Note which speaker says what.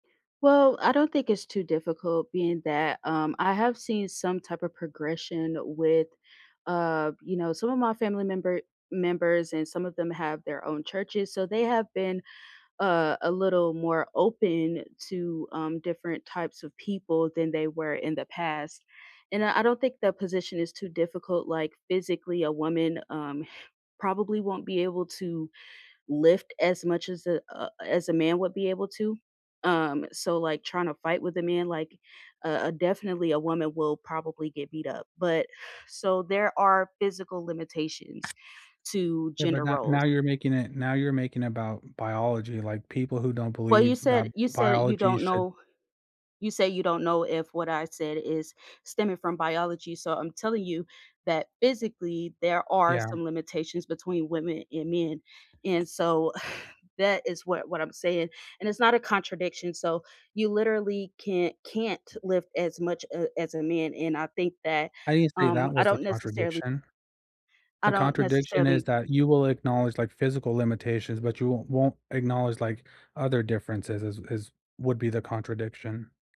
Speaker 1: Well, I don't think it's too difficult being that, um, I have seen some type of progression with, uh, you know, some of my family member members and some of them have their own churches, so they have been a a little more open to, um, different types of people than they were in the past, and, uh, I don't think the position is too difficult, like, physically a woman, um, probably won't be able to lift as much as a a as a man would be able to, um, so, like, tryna to fight with a man, like, a a definitely a woman will probably get beat up, but so, there are physical limitations to
Speaker 2: Yeah, but
Speaker 1: gender
Speaker 2: now
Speaker 1: roles.
Speaker 2: now you're making it now you're making about biology, like, people who don't
Speaker 1: Well, you
Speaker 2: believe that
Speaker 1: said you said you
Speaker 2: biology
Speaker 1: don't
Speaker 2: should
Speaker 1: know you say you don't know if what I said is stemming from biology, so I'm telling you that, physically, there are
Speaker 2: Yeah.
Speaker 1: some limitations between women and men, and so that is what what I'm saying, and it's not a contradiction, so you literally can't can't lift as much a as a man, and I think that,
Speaker 2: I didn't say
Speaker 1: um,
Speaker 2: that
Speaker 1: I
Speaker 2: was the
Speaker 1: don't necessarily
Speaker 2: contradiction.
Speaker 1: I
Speaker 2: The
Speaker 1: don't
Speaker 2: contradiction is
Speaker 1: necessarily
Speaker 2: that you will acknowledge, like, physical limitations, but you won't won't acknowledge, like, other differences as as would be the contradiction.